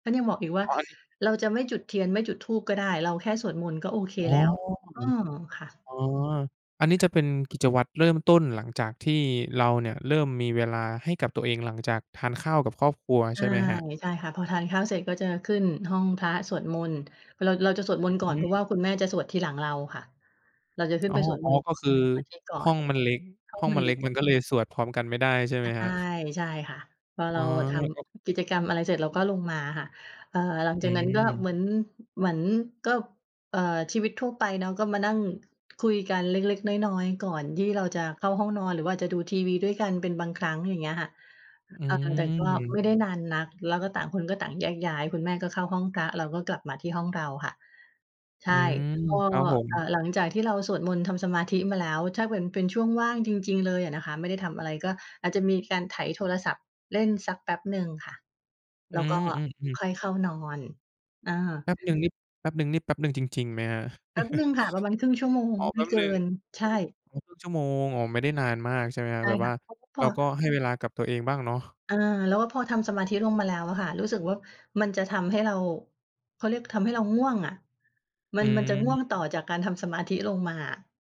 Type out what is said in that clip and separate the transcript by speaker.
Speaker 1: ฉันยังบอกอีกว่า
Speaker 2: อ๋อ อันนี้
Speaker 1: "เราจะไม่จุดเทียน ไม่จุดธูปก็ได้ เราแค่สวดมนต์ก็โอเค
Speaker 2: อ๋อ
Speaker 1: แล้ว" เออ ค่ะ
Speaker 2: อ๋อ อันนี้จะเป็นกิจวัตรเริ่มต้นหลังจากที่เราเนี่ยเริ่มมีเวลาให้กับตัวเอง หลังจากทานข้าวกับครอบครัว
Speaker 1: ใช
Speaker 2: ใช
Speaker 1: ่
Speaker 2: ่ไหมครับ?
Speaker 1: ใช่ค่ะ พอทานข้าวเสร็จก็จะขึ้นห้องพระ สวดมนต์ เรา เราจะสวดมนต์ก
Speaker 2: อ
Speaker 1: ่อ
Speaker 2: ื
Speaker 1: น เพรา
Speaker 2: ม
Speaker 1: ะว่าคุณแม่จะสวดทีหลังเราค่ะ เราจะขึ้
Speaker 2: อ
Speaker 1: น
Speaker 2: ๋อ
Speaker 1: ไปสวด
Speaker 2: อ๋
Speaker 1: ม
Speaker 2: อ
Speaker 1: นต์ท
Speaker 2: ก็คือ
Speaker 1: ำสมาธิก่อ
Speaker 2: ห้
Speaker 1: น
Speaker 2: องมันเล็ก
Speaker 1: ห้อ
Speaker 2: ห้
Speaker 1: ง
Speaker 2: อง
Speaker 1: มั
Speaker 2: ม
Speaker 1: น
Speaker 2: ัน
Speaker 1: เ
Speaker 2: เ
Speaker 1: ล
Speaker 2: ล็
Speaker 1: ็ก
Speaker 2: กมันก็เลยสวดพร้อมกันไม่ได้ ใช่ไห
Speaker 1: ใ
Speaker 2: ม
Speaker 1: ช
Speaker 2: ครั
Speaker 1: ่
Speaker 2: บ?
Speaker 1: ใช่ค่ะ พอ
Speaker 2: อ
Speaker 1: เ
Speaker 2: ๋
Speaker 1: ร
Speaker 2: อ
Speaker 1: าท
Speaker 2: ก็
Speaker 1: ำกิจกรรมอะไรเสร็จ เราก็ลงมาค่ะ เอ่อ หลัง
Speaker 2: อ
Speaker 1: จากนั้นก็
Speaker 2: ืม
Speaker 1: เหมือน เหมือนก็ เอ่อ ชีวิตทั่วไปเนาะ ก็มานั่งคุยกันเล็ก ๆ น้อย ๆ ก่อนที่เราจะเข้าห้องนอน หรือว่าอาจจะดูทีวีด้วยกันเป็นบางครั้ง อย่างเงี้ยค่ะ
Speaker 2: อ
Speaker 1: อ่า แต่ก็
Speaker 2: ื
Speaker 1: ไ
Speaker 2: ม
Speaker 1: ม่ได้นานนัก แล้วก็ต่างคนก็ต่างแยกย้าย คุณแม่ก็เข้าห้องพระ เราก็กลับมาที่ห้องเราค่ะ ใช
Speaker 2: อื
Speaker 1: ่
Speaker 2: ม
Speaker 1: ก็
Speaker 2: ครับผ
Speaker 1: เอ่อ
Speaker 2: ม
Speaker 1: หลังจากที่เราสวดมนต์ ทำสมาธิมาแล้ว ถ้าเป็น เป็นช่วงว่างจริง ๆ เลยอะนะคะ ไม่ได้ทำอะไร ก็อาจจะมีการไถโทรศัพท์เล่นสักแป๊บหนึ่งค่ะ
Speaker 2: อื
Speaker 1: แล้วก็
Speaker 2: ม ๆ
Speaker 1: ค
Speaker 2: ๆ
Speaker 1: ่อยเข้านอน เออ
Speaker 2: แป๊บหนึ่งนี่ แป๊บหนึ่งนี่ แป๊บหนึ่งจริง ๆ ไหมครับ?
Speaker 1: แป๊บหนึ่งค่ะ ประมาณ 1/2 ชั่วโมง
Speaker 2: อ๋อ
Speaker 1: ไ
Speaker 2: แ
Speaker 1: ม
Speaker 2: ป๊
Speaker 1: ่
Speaker 2: บ
Speaker 1: เก
Speaker 2: ห
Speaker 1: ิ
Speaker 2: นึ่ง
Speaker 1: น ใช่
Speaker 2: อ๋อ ครึ่ง อ๋อ ครึ่งชั่วโมง อ๋อ ไม่ได้นานมาก ใช่ไหมครั
Speaker 1: ใ
Speaker 2: บ?
Speaker 1: ช่
Speaker 2: แบบ
Speaker 1: ค
Speaker 2: ว่
Speaker 1: ่ะ
Speaker 2: า
Speaker 1: แล้วก็พ
Speaker 2: เรา
Speaker 1: อ
Speaker 2: ก็ให้เวลากับตัวเองบ้างเนาะ
Speaker 1: เออ แล้วก็พอทำสมาธิลงมาแล้วอะค่ะ รู้สึกว่ามันจะทำให้เรา เขาเรียกทำให้เราง่วงอะ ม
Speaker 2: อ
Speaker 1: ั
Speaker 2: ื
Speaker 1: น มันจะ
Speaker 2: ม
Speaker 1: ง่วงต่อจากการทำสมาธิลงมาอะ